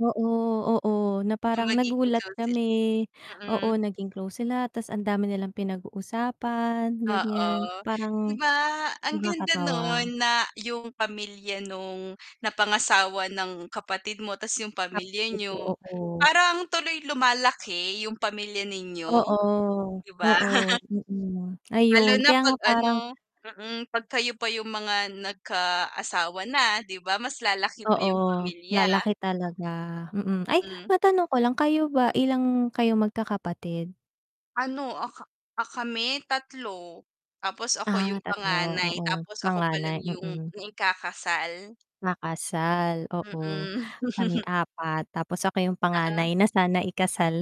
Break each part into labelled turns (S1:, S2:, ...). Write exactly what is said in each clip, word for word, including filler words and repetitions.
S1: Oo, oo, na
S2: Yung
S1: parang
S2: magiging
S1: nagulat
S2: kunsit
S1: kami. Oo,
S2: mm.
S1: naging close sila, tas ang dami nilang pinag-uusapan, ganyan,
S2: Oo, 'di
S1: parang
S2: ba, ang ganda
S1: nakakatawa.
S2: nun, na yung pamilya nung napangasawa ng kapatid mo, tas yung pamilya
S1: Nalito
S2: niyo,
S1: ako.
S2: parang tuloy lumalaki yung pamilya ninyo,
S1: Oo.
S2: 'di ba?
S1: Oo, mm.
S2: Hmm, Lalo
S1: Ayun,
S2: na
S1: kaya nga
S2: pag ano
S1: parang
S2: mm, 'pag kayo pa yung mga nagkaasawa na, 'di ba, mas lalaki pa
S1: Oo,
S2: yung pamilya.
S1: lalaki talaga, mm. Ay,
S2: Hmm.
S1: matanong ko lang, kayo ba,
S2: Hmm.
S1: ilang kayo magkakapatid?
S2: Ano, ah, ka ah, kami, tatlo. Tapos ako
S1: Ah,
S2: yung
S1: tatlo,
S2: panganay,
S1: oo.
S2: tapos ako
S1: Panganay,
S2: palang yung
S1: mm.
S2: naikakasal.
S1: Nakasal, oo.
S2: Mm.
S1: Kami apat tapos ako yung panganay
S2: Oo.
S1: na sana ikasal.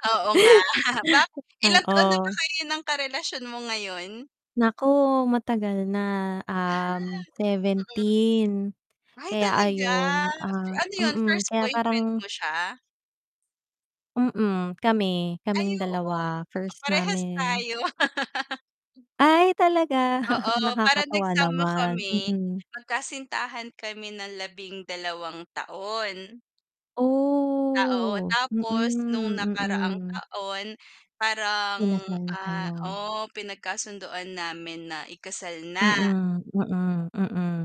S2: Oo nga, ba ilang
S1: Oo.
S2: taon na ba kayo ng karelasyon mo ngayon?
S1: Nako, matagal na,
S2: Ah,
S1: um,
S2: mm.
S1: seventeen.
S2: Ay,
S1: Kaya
S2: talaga?
S1: ayon,
S2: So
S1: ah
S2: ano yun,
S1: mm.
S2: first
S1: Kaya
S2: boyfriend
S1: parang
S2: mo siya?
S1: Mm, kami,
S2: Ay,
S1: kaming
S2: oo.
S1: dalawa,
S2: Pa
S1: first
S2: parehas
S1: namin.
S2: tayo.
S1: Ay, talaga?
S2: [unintelligible] Oo, parang
S1: Nakakatawa
S2: nagsama
S1: naman,
S2: kami,
S1: mm.
S2: magkasintahan kami ng labing-dalawa taon. Ah, oo.
S1: Oh, mm,
S2: Tapos nung nakaraang
S1: mm.
S2: taon parang
S1: Kinasal na
S2: ah,
S1: kayo.
S2: oh, pinagkasunduan namin na ikasal na.
S1: Mm, mm, mm.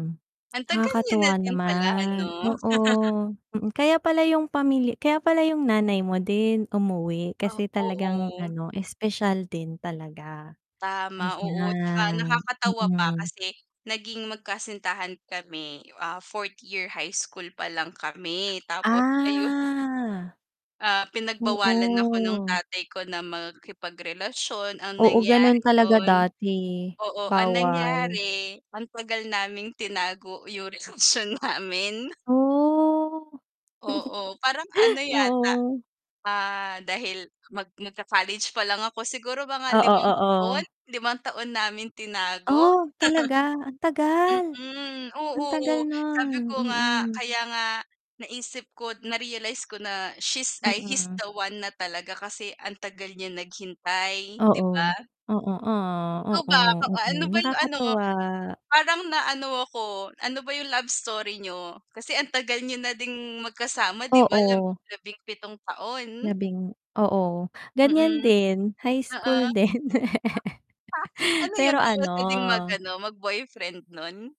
S2: Ang tagal niyo na
S1: Nakakatuwa
S2: din pala
S1: naman.
S2: ano?
S1: Oo. Mm, kaya pala yung pamili kaya pala yung nanay mo din, umuwi
S2: Ah,
S1: kasi talagang
S2: oo.
S1: ano, espesyal din talaga.
S2: Tama, oo, tsaka
S1: Ayan,
S2: nakakatawa pa,
S1: mm.
S2: kasi naging magkasintahan kami, ah, fourth year high school pa lang kami, tapos ayun.
S1: Ah.
S2: Ah, pinagbawalan ako ng
S1: Oo.
S2: tatay ko na makipagrelasyon. Ang
S1: Oo, ganun
S2: nangyari
S1: talaga
S2: nun
S1: dati,
S2: oo, ang
S1: bawal.
S2: nangyari, ang tagal naming tinago yung relasyon namin.
S1: Oh!
S2: Oo, parang ano yata,
S1: Oo.
S2: ah, dahil mag nagka-college pa lang ako, siguro mga
S1: Oo,
S2: limang taon,
S1: oo.
S2: limang taon namin tinago.
S1: Oh, talaga? Ang tagal.
S2: Mm,
S1: Ang tagal
S2: oo,
S1: nun,
S2: sabi ko nga,
S1: mm.
S2: kaya nga naisip ko, na-realize ko na she's ay, he's
S1: Mm.
S2: the one na talaga, kasi ang tagal niya naghintay 'di
S1: Oo.
S2: ba?
S1: Oo, ah.
S2: Ikaw
S1: Oo,
S2: ba, kaw ah,
S1: oo,
S2: ano ba yung ano,
S1: nakakatuwa.
S2: parang na ano ako, ano ba yung love story niyo? Kasi ang tagal niyo na ding magkasama 'di ba, lab
S1: Oo.
S2: labing-pitong taon.
S1: Labing oo, ganyan
S2: Mm.
S1: din, high
S2: Oo.
S1: school din.
S2: Ano yun,
S1: Pero
S2: bawal
S1: ano
S2: ka ding mag-ano, mag-boyfriend nun?